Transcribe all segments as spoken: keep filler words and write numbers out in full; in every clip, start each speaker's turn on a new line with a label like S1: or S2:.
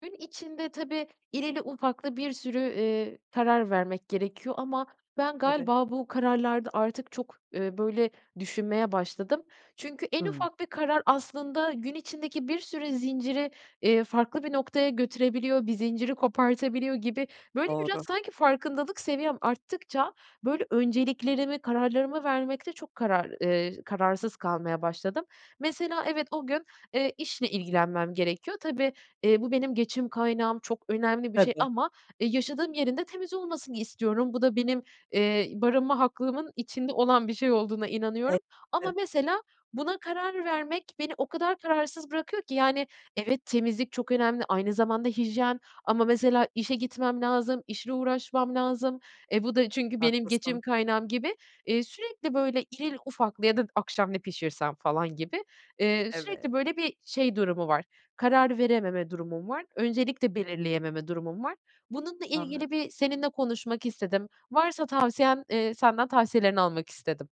S1: Gün içinde tabii irili ufaklı bir sürü, eee, karar vermek gerekiyor ama ben
S2: Tabii.
S1: galiba bu kararlarda artık çok, eee, böyle, düşünmeye başladım. Çünkü en
S2: Hımm.
S1: ufak bir karar aslında gün içindeki bir sürü zinciri, eee, farklı bir noktaya götürebiliyor. Bir zinciri kopartabiliyor gibi. Böyle, biraz
S2: Doğru.
S1: sanki farkındalık seviyem arttıkça, böyle, önceliklerimi, kararlarımı vermekte çok karar eee, kararsız kalmaya başladım. Mesela evet, o gün, eee, işle ilgilenmem gerekiyor. Tabii, eee, bu benim geçim kaynağım, çok önemli bir şey
S2: Tabii.
S1: ama, eee, yaşadığım yerin de temiz olmasını istiyorum. Bu da benim, eee, barınma haklarımın içinde olan bir şey olduğuna inanıyorum. Ama
S2: [unintelligible]
S1: mesela buna karar vermek beni o kadar kararsız bırakıyor ki yani, evet, temizlik çok önemli, aynı zamanda hijyen ama mesela işe gitmem lazım, işle uğraşmam lazım, e bu da çünkü benim geçim
S2: Haklısın.
S1: kaynağım gibi. Eee, sürekli, böyle, irili ufaklı ya da akşam ne pişirsem falan gibi, eee, sürekli,
S2: Eve
S1: böyle, bir şey durumu var, karar verememe durumum var. Öncelik de belirleyememe durumum var. Bununla ilgili
S2: Anladım.
S1: bir seninle konuşmak istedim, varsa tavsiyen, eee, senden tavsiyelerini almak istedim.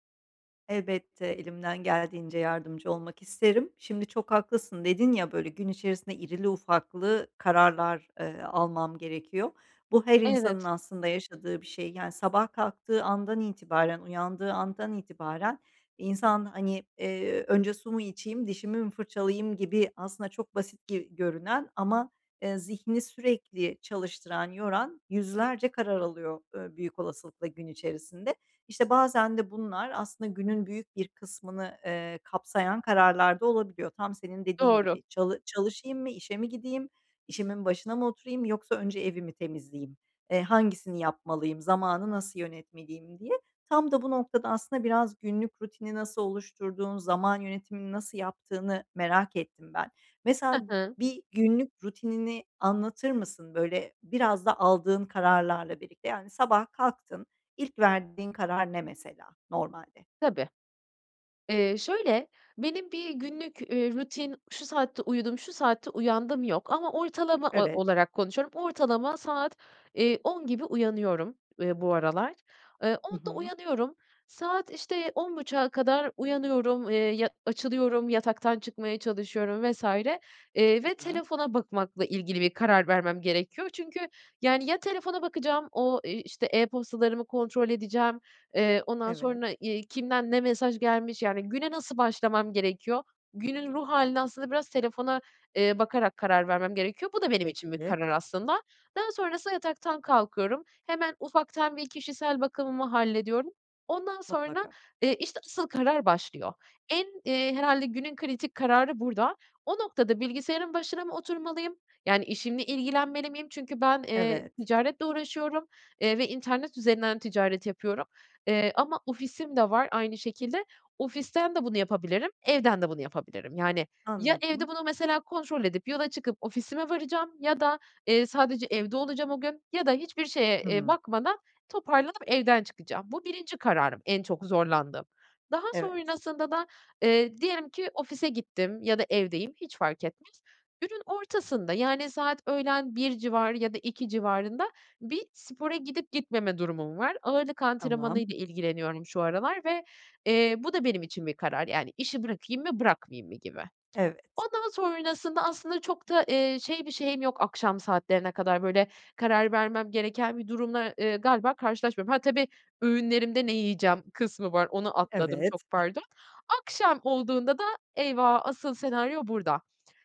S2: Elbette, elimden geldiğince yardımcı olmak isterim. Şimdi, “Çok haklısın,” dedin ya, böyle, gün içerisinde irili ufaklı kararlar, eee, almam gerekiyor. Bu, her insanın
S1: Evet.
S2: aslında yaşadığı bir şey. Yani, sabah kalktığı andan itibaren, uyandığı andan itibaren insan, hani, eee, “Önce su mu içeyim, dişimi mi fırçalayayım?” gibi, aslında çok basit gi görünen ama, eee, zihnini sürekli çalıştıran, yoran yüzlerce karar alıyor, eee, büyük olasılıkla gün içerisinde. İşte, bazen de bunlar aslında günün büyük bir kısmını, eee, kapsayan kararlar da olabiliyor. Tam senin dediğin
S1: Doğru.
S2: gibi, “Çalı çalışayım mı, işe mi gideyim, işimin başına mı oturayım, yoksa önce evi mi temizleyeyim? Eee, hangisini yapmalıyım, zamanı nasıl yönetmeliyim?” diye. Tam da bu noktada, aslında, biraz günlük rutini nasıl oluşturduğunu, zaman yönetimini nasıl yaptığını merak ettim ben. Mesela,
S1: Hı hı.
S2: bir günlük rutinini anlatır mısın? Böyle, biraz da aldığın kararlarla birlikte, yani, sabah kalktın, ilk verdiğin karar ne, mesela, normalde?
S1: Tabii. Eee, şöyle, benim bir günlük, üüü, rutin, “Şu saatte uyudum, şu saatte uyandım.” yok ama ortalama o
S2: Evet.
S1: olarak konuşuyorum. Ortalama saat, eee, on gibi uyanıyorum, ııı, bu aralar. Eee,
S2: Hı
S1: onda
S2: hı.
S1: uyanıyorum. Saat işte on buçuğa kadar uyanıyorum, eee, ya, açılıyorum, yataktan çıkmaya çalışıyorum vs. Eee, ve
S2: Güzel.
S1: telefona bakmakla ilgili bir karar vermem gerekiyor. Çünkü, yani, ya telefona bakacağım, o, eee, işte, e-postalarımı kontrol edeceğim, eee, ondan
S2: Evet.
S1: sonra, iii, kimden ne mesaj gelmiş, yani, güne nasıl başlamam gerekiyor, günün ruh hâline aslında biraz telefona, eee, bakarak karar vermem gerekiyor. Bu da benim için bir
S2: Peki.
S1: karar aslında. Daha sonrasında yataktan kalkıyorum, hemen ufaktan bir kişisel bakımımı hallediyorum. Ondan sonra,
S2: Mutlaka.
S1: eee, işte, asıl karar başlıyor. En, iii, herhâlde günün kritik kararı burada. O noktada, “Bilgisayarın başına mı oturmalıyım, yani, işimle ilgilenmeli miyim?” Çünkü ben, eee,
S2: Evet.
S1: ticaretle uğraşıyorum, eee, ve internet üzerinden ticaret yapıyorum, eee, ama ofisim de var aynı şekilde. Ofisten de bunu yapabilirim, evden de bunu yapabilirim. Yani, ya evde
S2: Anladım.
S1: bunu, mesela, kontrol edip yola çıkıp ofisime varacağım ya da, eee, sadece evde olacağım o gün ya da hiçbir şeye, eee,
S2: Hımm.
S1: bakmadan toparlanıp evden çıkacağım. Bu, birinci kararım, en çok zorlandığım. Daha
S2: Evet.
S1: sonrasında da, eee, diyelim ki ofise gittim ya da evdeyim, hiç fark etmez, günün ortasında, yani, saat öğlen bir civarı da iki civarında bir spora gidip gitmeme durumum var. Ağırlık
S2: Tamam.
S1: antrenmanıyla ilgileniyorum şu aralar ve, eee, bu da benim için bir karar, yani, “İşi bırakayım mı, bırakmayayım mı?” gibi.
S2: Evet.
S1: Ondan sonrasında aslında çok da şey bir şeyim yok. Akşam saatlerine kadar böyle karar vermem gereken bir durumla, eee, galiba, karşılaşmıyorum. Ha, tabii, öğünlerimde ne yiyeceğim kısmı var, onu atladım,
S2: Evet.
S1: çok pardon. Akşam olduğunda da, eyvah, asıl senaryo burada.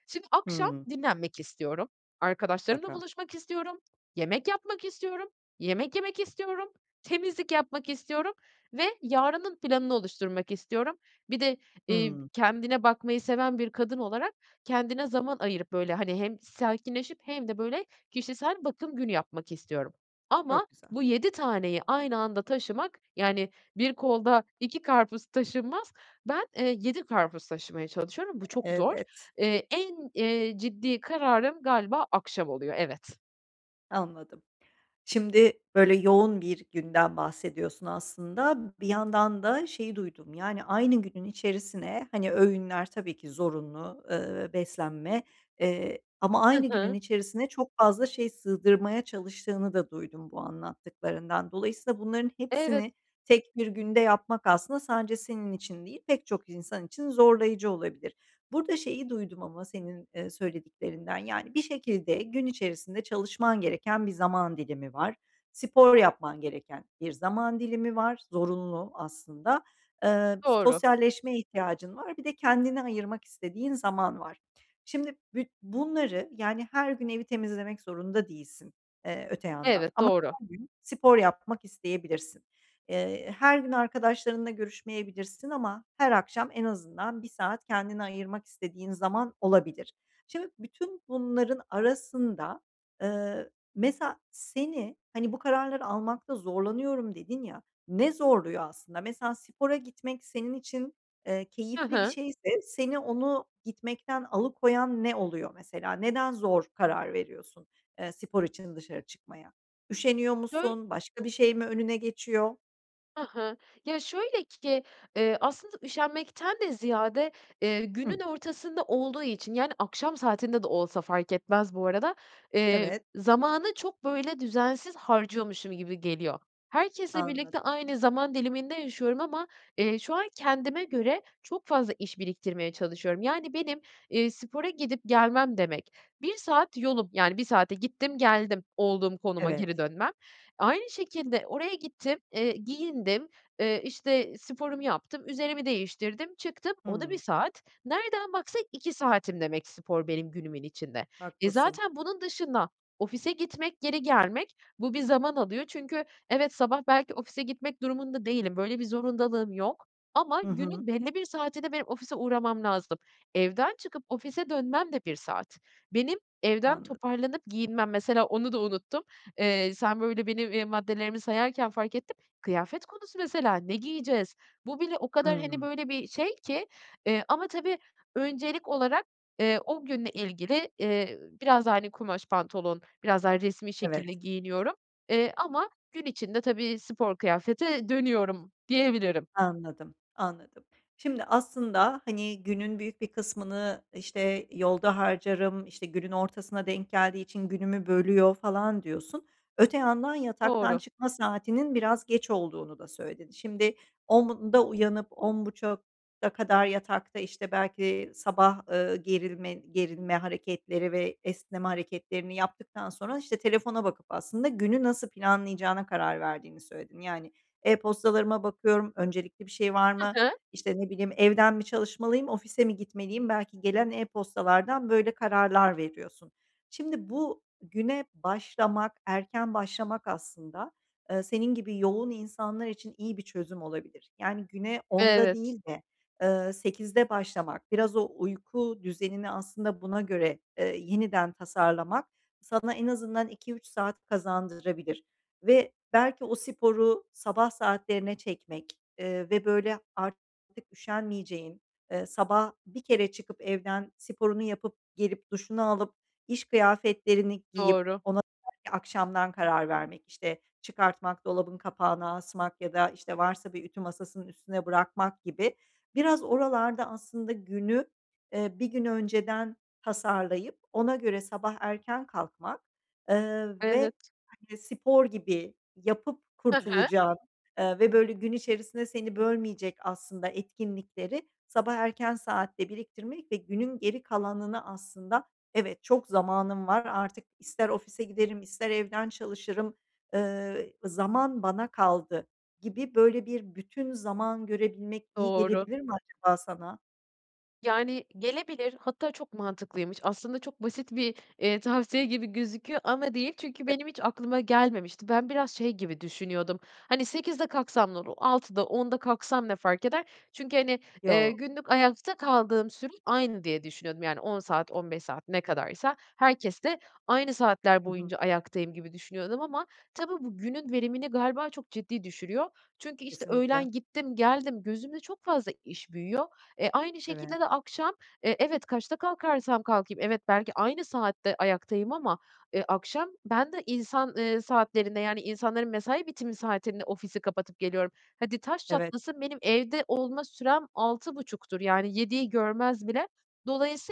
S1: Şimdi, akşam
S2: Hımm.
S1: dinlenmek istiyorum, arkadaşlarımla
S2: Mutlaka.
S1: buluşmak istiyorum, yemek yapmak istiyorum, yemek yemek istiyorum, temizlik yapmak istiyorum ve yarının planını oluşturmak istiyorum. Bir de, iii,
S2: Hımm.
S1: kendine bakmayı seven bir kadın olarak, kendine zaman ayırıp böyle, hani, hem sakinleşip hem de böyle kişisel bakım günü yapmak istiyorum ama
S2: Çok güzel.
S1: bu yedi taneyi aynı anda taşımak, yani, bir kolda iki karpuz taşınmaz, ben, eee, yedi karpuz taşımaya çalışıyorum, bu çok zor.
S2: Evet.
S1: Eee, en, eee, ciddi kararım galiba akşam oluyor, evet.
S2: Anladım. Şimdi, böyle yoğun bir günden bahsediyorsun aslında. Bir yandan da şeyi duydum, yani, aynı günün içerisine, hani, öğünler tabii ki zorunlu, eee, beslenme, eee, ama
S1: Hı
S2: aynı günün
S1: hı.
S2: içerisine çok fazla şey sığdırmaya çalıştığını da duydum bu anlattıklarından. Dolayısıyla, bunların
S1: Evet.
S2: hepsini tek bir günde yapmak aslında sadece senin için değil, pek çok insan için zorlayıcı olabilir. Burada şeyi duydum ama senin, eee, söylediklerinden, yani, bir şekilde gün içerisinde çalışman gereken bir zaman dilimi var. Spor yapman gereken bir zaman dilimi var, zorunlu aslında. Eee,
S1: Doğru.
S2: sosyalleşme ihtiyacın var, bir de kendine ayırmak istediğin zaman var. Şimdi, bü bunları, yani, her gün evi temizlemek zorunda değilsin, eee, öte yandan
S1: Evet,
S2: ama
S1: doğru.
S2: her gün spor yapmak isteyebilirsin. Eee, her gün arkadaşlarınla görüşmeyebilirsin ama her akşam en azından bir saat kendine ayırmak istediğin zaman olabilir. Şimdi, bütün bunların arasında, eee, mesela, seni, hani, “Bu kararları almakta zorlanıyorum.” dedin ya, ne zorluyor aslında? Mesela, spora gitmek senin için, eee,
S1: He
S2: keyifli bir
S1: he.
S2: şeyse seni onu gitmekten alıkoyan ne oluyor, mesela? Neden zor karar veriyorsun, eee, spor için dışarı çıkmaya? Üşeniyor
S1: Döy
S2: musun, başka bir şey mi önüne geçiyor?
S1: Hı hı, ya, şöyle ki, ııı, aslında üşenmekten de ziyade, ııı,
S2: Hıh.
S1: günün ortasında olduğu için, yani, akşam saatinde de olsa fark etmez bu arada, eee,
S2: Evet.
S1: zamanı çok böyle düzensiz harcıyormuşum gibi geliyor. Herkesle birlikte
S2: Anladım.
S1: aynı zaman diliminde yaşıyorum ama, eee, şu an kendime göre çok fazla iş biriktirmeye çalışıyorum. Yani, benim, eee, spora gidip gelmem demek, bir saat yolum, yani, bir saate gittim geldim, olduğum konuma
S2: Evet.
S1: geri dönmem. Aynı şekilde oraya gittim, eee, giyindim, eee, işte, sporumu yaptım, üzerimi değiştirdim, çıktım, o da bir
S2: Hımm.
S1: saat. Nereden baksan iki saatim demek spor benim günümün içinde. E,
S2: Haklısın.
S1: zaten bunun dışında ofise gitmek, geri gelmek, bu bir zaman alıyor. Çünkü, evet, sabah belki ofise gitmek durumunda değilim, böyle bir zorundalığım yok ama
S2: Hı hı.
S1: günün belli bir saatinde benim ofise uğramam lazım. Evden çıkıp ofise dönmem de bir saat. Benim evden
S2: Anladım.
S1: toparlanıp giyinmem, mesela, onu da unuttum. Eee, sen böyle benim, eee, maddelerimi sayarken fark ettim. Kıyafet konusu mesela, ne giyeceğiz? Bu bile o kadar, hani,
S2: Hımm.
S1: böyle bir şey ki, eee, ama tabii öncelik olarak, eee, o günle ilgili, eee, biraz daha, hani, kumaş pantolon, biraz daha resmî şekilde
S2: Evet.
S1: giyiniyorum, eee, ama gün içinde tabii spor kıyafete dönüyorum diyebilirim.
S2: Anladım, anladım. Şimdi aslında, hani, günün büyük bir kısmını, işte, yolda harcarım, işte, günün ortasına denk geldiği için günümü bölüyor falan diyorsun. Öte yandan yataktan
S1: Doğru.
S2: çıkma saatinin biraz geç olduğunu da söyledin. Şimdi onda uyanıp on buçuğa kadar yatakta, işte, belki sabah, ııı, gerilme gerilme hareketleri ve esneme hareketlerini yaptıktan sonra, işte, telefona bakıp aslında günü nasıl planlayacağına karar verdiğini söyledin. Yani, "E-postalarıma bakıyorum, öncelikli bir şey var
S1: Hı
S2: mı,
S1: hı.
S2: işte, ne bileyim, evden mi çalışmalıyım, ofise mi gitmeliyim?" Belki gelen e-postalardan böyle kararlar veriyorsun. Şimdi bu güne başlamak, erken başlamak aslında, ııı, senin gibi yoğun insanlar için iyi bir çözüm olabilir. Yani, güne onda
S1: Evet.
S2: değil de, eee, sekizde başlamak, biraz o uyku düzenini aslında buna göre, ııı, yeniden tasarlamak sana en azından iki üç saat kazandırabilir ve belki o sporu sabah saatlerine çekmek, ııı, ve böyle artık üşenmeyeceğin, ııı, sabah bir kere çıkıp evden sporunu yapıp gelip duşunu alıp iş kıyafetlerini giyip
S1: Doğru.
S2: ona [unintelligible] akşamdan karar vermek, işte, çıkartmak, dolabın kapağına asmak ya da, işte, varsa bir ütü masasının üstüne bırakmak gibi. Biraz oralarda aslında günü, eee, bir gün önceden tasarlayıp ona göre sabah erken kalkmak, ııı, ve
S1: Evet.
S2: [unintelligible] spor gibi yapıp
S1: Hı hı.
S2: kurtulacağın, eee, ve böyle gün içerisinde seni bölmeyecek aslında etkinlikleri sabah erken saatte biriktirmek ve günün geri kalanını aslında, "Evet, çok zamanım var artık, ister ofise giderim ister evden çalışırım, ııı, zaman bana kaldı." gibi böyle bir bütün zaman görebilmek iyi
S1: Doğru.
S2: gelebilir mi acaba sana?
S1: Yani gelebilir hatta çok mantıklıymış. Aslında çok basit bir, eee, tavsiye gibi gözüküyor ama değil. Çünkü benim hiç aklıma gelmemişti. Ben biraz şey gibi düşünüyordum; hani sekizde kalksam ne olur, altıda, onda kalksam ne fark eder? Çünkü hani, eee,
S2: Yo.
S1: günlük ayakta kaldığım sürem aynı diye düşünüyordum, yani on saat, on beş saat, ne kadarsa, herkeste aynı saatler
S2: Hı hı.
S1: boyunca ayaktayım gibi düşünüyordum ama tabii bu günün verimini galiba çok ciddi düşürüyor. Çünkü, işte,
S2: Kesinlikle.
S1: öğlen gittim, geldim, gözümde çok fazla iş büyüyor. Eee, aynı
S2: Evet.
S1: şekilde de akşam, eee, evet kaçta kalkarsam kalkayım, evet belki aynı saatte ayaktayım ama, eee, akşam ben de insan, eee, saatlerinde, yani insanların mesai bitimi saatinde ofisi kapatıp geliyorum. Hadi taş
S2: Evet.
S1: çatlasın benim evde olma sürem altı buçuktur, yani yediyi görmez bile.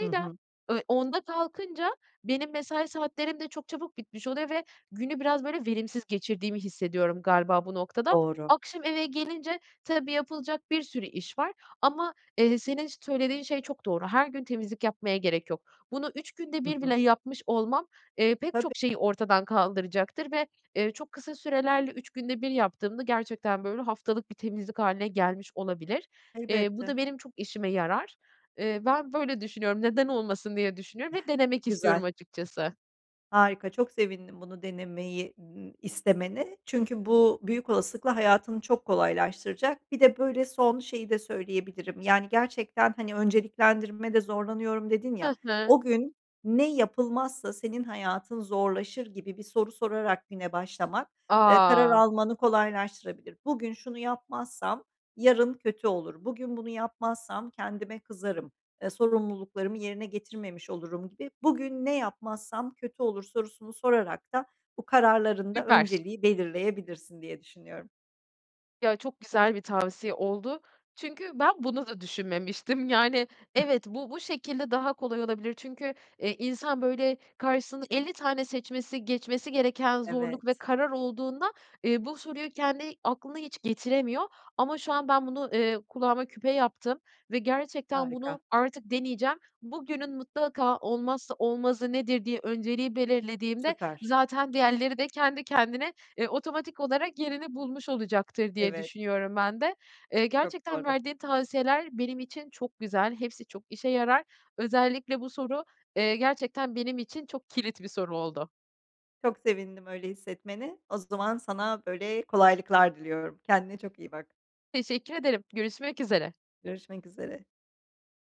S2: Hı hı.
S1: eee, onda kalkınca benim mesai saatlerim de çok çabuk bitmiş oluyor ve günü biraz, böyle, verimsiz geçirdiğimi hissediyorum galiba bu noktada.
S2: Doğru.
S1: Akşam eve gelince, tabii yapılacak bir sürü iş var ama, eee, senin söylediğin şey çok doğru; her gün temizlik yapmaya gerek yok. Bunu üç günde
S2: Hı
S1: bir
S2: hı.
S1: bile yapmış olmam, eee, pek
S2: Tabii.
S1: çok şeyi ortadan kaldıracaktır ve, eee, çok kısa sürelerle üç günde bir yaptığımda gerçekten böyle haftalık bir temizlik hâline gelmiş olabilir. Eee, bu
S2: Elbette.
S1: da benim çok işime yarar. Eee, ben böyle düşünüyorum, neden olmasın diye düşünüyorum ve denemek
S2: Güzel.
S1: istiyorum açıkçası.
S2: Harika çok sevindim bunu denemeyi n istemene çünkü bu büyük olasılıkla hayatını çok kolaylaştıracak. Bir de, böyle, son şeyi de söyleyebilirim; yani gerçekten, hani, önceliklendirmede zorlanıyorum dedin ya,
S1: Ha ha.
S2: "o gün ne yapılmazsa senin hayatın zorlaşır?" gibi bir soru sorarak güne başlamak, eee, karar
S1: A!
S2: almanı kolaylaştırabilir. Bugün şunu yapmazsam yarın kötü olur, bugün bunu yapmazsam kendime kızarım, eee, sorumluluklarımı yerine getirmemiş olurum gibi. "Bugün ne yapmazsam kötü olur?" sorusunu sorarak da bu kararların da
S1: Süper.
S2: önceliği belirleyebilirsin diye düşünüyorum.
S1: Ya, çok güzel bir tavsiye oldu. Çünkü ben bunu da düşünmemiştim, yani evet, bu bu şekilde daha kolay olabilir. Çünkü e, insan böyle karşısında elli tane seçmesi, geçmesi gereken zorluk ve
S2: Evet.
S1: karar olduğunda, eee, bu soruyu kendi aklına hiç getiremiyor ama şu an ben bunu, eee, kulağıma küpe yaptım ve gerçekten bunu
S2: Harika.
S1: artık deneyeceğim. "Bugünün mutlaka olmazsa olmazı nedir?" diye önceliği belirlediğimde
S2: Süper.
S1: zaten diğerleri de kendi kendine, eee, otomatik olarak yerini bulmuş olacaktır diye
S2: Evet.
S1: düşünüyorum ben de. Eee,
S2: Çok
S1: gerçekten
S2: doğru.
S1: verdiğin tavsiyeler benim için çok güzel, hepsi çok işe yarar. Özellikle bu soru, eee, gerçekten benim için çok kilit bir soru oldu.
S2: Çok sevindim öyle hissetmene. O zaman sana böyle kolaylıklar diliyorum. Kendine çok iyi bak.
S1: Teşekkür ederim, görüşmek üzere.
S2: Görüşmek üzere.